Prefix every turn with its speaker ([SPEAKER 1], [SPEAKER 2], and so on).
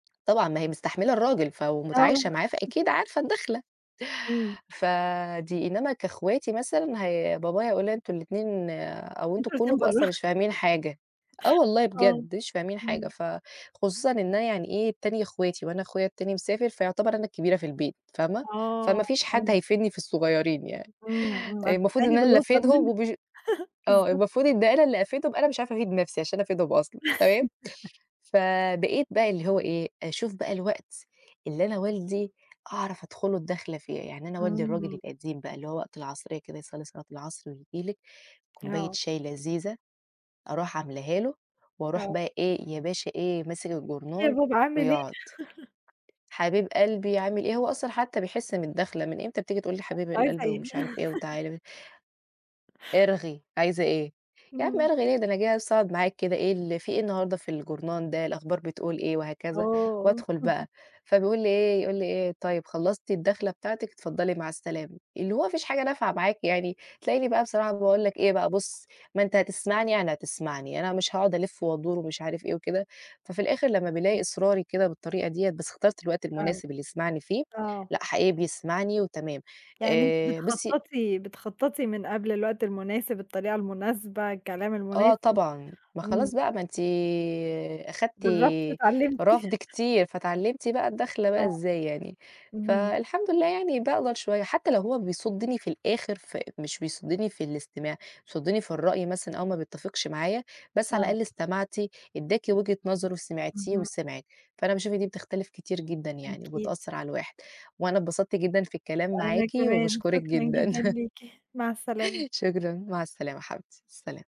[SPEAKER 1] طبعًا ما هي مستحملة الراجل ف ومتعايشة معاه،
[SPEAKER 2] آه.
[SPEAKER 1] فأكيد عارفة الدخلة.
[SPEAKER 2] إمم.
[SPEAKER 1] فدي إنّما كاخواتي مثلًا هي بابايا هيقول أنتم الاتنين أو أنتم
[SPEAKER 2] أنتم الاتنين
[SPEAKER 1] كلّكم
[SPEAKER 2] برّه.
[SPEAKER 1] أصلًا مش فاهمين حاجة، آه والله
[SPEAKER 2] آه،
[SPEAKER 1] بجد مش فاهمين حاجة،
[SPEAKER 2] إمم.
[SPEAKER 1] فخصوصًا إن أنا يعني إيه، تانية اخواتي وأنا أخويا التاني مسافر، فيُعتبر أنا الكبيرة في البيت، فاهمة؟
[SPEAKER 2] آه،
[SPEAKER 1] فما فيش حد
[SPEAKER 2] فهمت.
[SPEAKER 1] هيفيدني في الصغيّرين يعني،
[SPEAKER 2] إمم، إمم.
[SPEAKER 1] المفروض
[SPEAKER 2] هتستعيني
[SPEAKER 1] إن أنا اللي
[SPEAKER 2] بالأصغر
[SPEAKER 1] أفيدهم
[SPEAKER 2] منّك؟
[SPEAKER 1] وبش آه
[SPEAKER 2] بالضبط.
[SPEAKER 1] المفروض إن أنا اللي أفيدهم، أنا مش عارفة أفيد نَفسي عشان أفيدهم أصلًا، تمام؟ فبقيت بقى اللي هو إيه، أشوف بقى الوقت اللي أنا والدي أعرف أدخُل له الدّخلة فيه، يعني أنا والدي الراجل
[SPEAKER 2] إمم.
[SPEAKER 1] القديم بقى اللي هو وقت العصرية كده يصلي صلاة العصر وييجي لِك كوبّاية
[SPEAKER 2] آه.
[SPEAKER 1] شاي لذيذة، أروح عملاها له واروح
[SPEAKER 2] آه.
[SPEAKER 1] بقى إيه، يا باشا إيه، ماسك
[SPEAKER 2] إيه يا
[SPEAKER 1] جورنال
[SPEAKER 2] بابا عامل إيه؟
[SPEAKER 1] ويُقعد، "حبيب قلبي عامل إيه؟" هو أصلًا حتى بيحس بالدخلة، "من إمتى بتيجي تقول لي حبيب
[SPEAKER 2] أنتِ عايزة
[SPEAKER 1] القلب"
[SPEAKER 2] إيه؟
[SPEAKER 1] ومش عارف إيه وتعالَ ب "ارغي، عايزة إيه؟" "يا عم
[SPEAKER 2] إمم.
[SPEAKER 1] أرغي ليه؟ ده أنا جاية بس أقعُد معاك كده، إيه ال في إيه النهارده في جورنال ده، الأخبار بتقول إيه؟" وهكذا،
[SPEAKER 2] آه.
[SPEAKER 1] وأدخل بقى، فبيقول لي إيه يقول لي إيه، "طيب خلّصتِ الدخلة بتاعتِك؟ اتفضّلي مع السلامة،" اللي هو ما فيش حاجة نافعة
[SPEAKER 2] [unintelligible]
[SPEAKER 1] معاك يعني، تلاقيني بقى بصراحة باقول لك إيه بقى، "بُصّ ما أنت هتسمعني يعني هتسمعني، أنا مش هاقعد ألِفّ" وأدُور ومش عارف إيه وكده، ففي الآخر لمّا بيلاقي
[SPEAKER 2] إمم.
[SPEAKER 1] إصراري كده بالطريقة ديّة بس اخترت الوقت
[SPEAKER 2] آه،
[SPEAKER 1] المناسب اللي يسمعني فيه،
[SPEAKER 2] آه.
[SPEAKER 1] لأ حقيقي بيسمعني وتمام.
[SPEAKER 2] يعني أنتِ
[SPEAKER 1] آآ، بُصي
[SPEAKER 2] بتخططي بتخططي من قبل الوقت المناسب، الطريقة المناسبة، الكلام
[SPEAKER 1] آه
[SPEAKER 2] المناسب،
[SPEAKER 1] طبعًا. ما
[SPEAKER 2] إمم.
[SPEAKER 1] خلاص بقى ما أنتِ أخدتِ
[SPEAKER 2] جرّبتِ واتعلّمتِ.
[SPEAKER 1] رفض كتير، فاتعلّمتِ بقى الدخلة بقى
[SPEAKER 2] آه،
[SPEAKER 1] إزاي يعني،
[SPEAKER 2] اهم.
[SPEAKER 1] فالحمد لله يعني باقدر شوية، حتى لو هو بيصُدّني في الآخر، ف مش بيصُدّني في الاستماع، بيصُدّني في الرأي مثلًا أو ما بيتّفقش معايا، بس على
[SPEAKER 2] آه.
[SPEAKER 1] الأقل استمعتِ، ادّاكِ وجهة نظره، سمعتيه
[SPEAKER 2] اهم.
[SPEAKER 1] وسمعِك، فأنا باشوف إن دي بتختلف كتير جدًا يعني
[SPEAKER 2] أكيد.
[SPEAKER 1] وبتأثر على الواحد. وأنا اتبسطت جدًا في الكلام
[SPEAKER 2] وأنا
[SPEAKER 1] معاكِ
[SPEAKER 2] كمان،
[SPEAKER 1] وباشكرٍك
[SPEAKER 2] شكرًا
[SPEAKER 1] جدًا.
[SPEAKER 2] جدًا ليكِ، مع السلامة.
[SPEAKER 1] شكرًا، مع السلامة حبيبتي، سلام.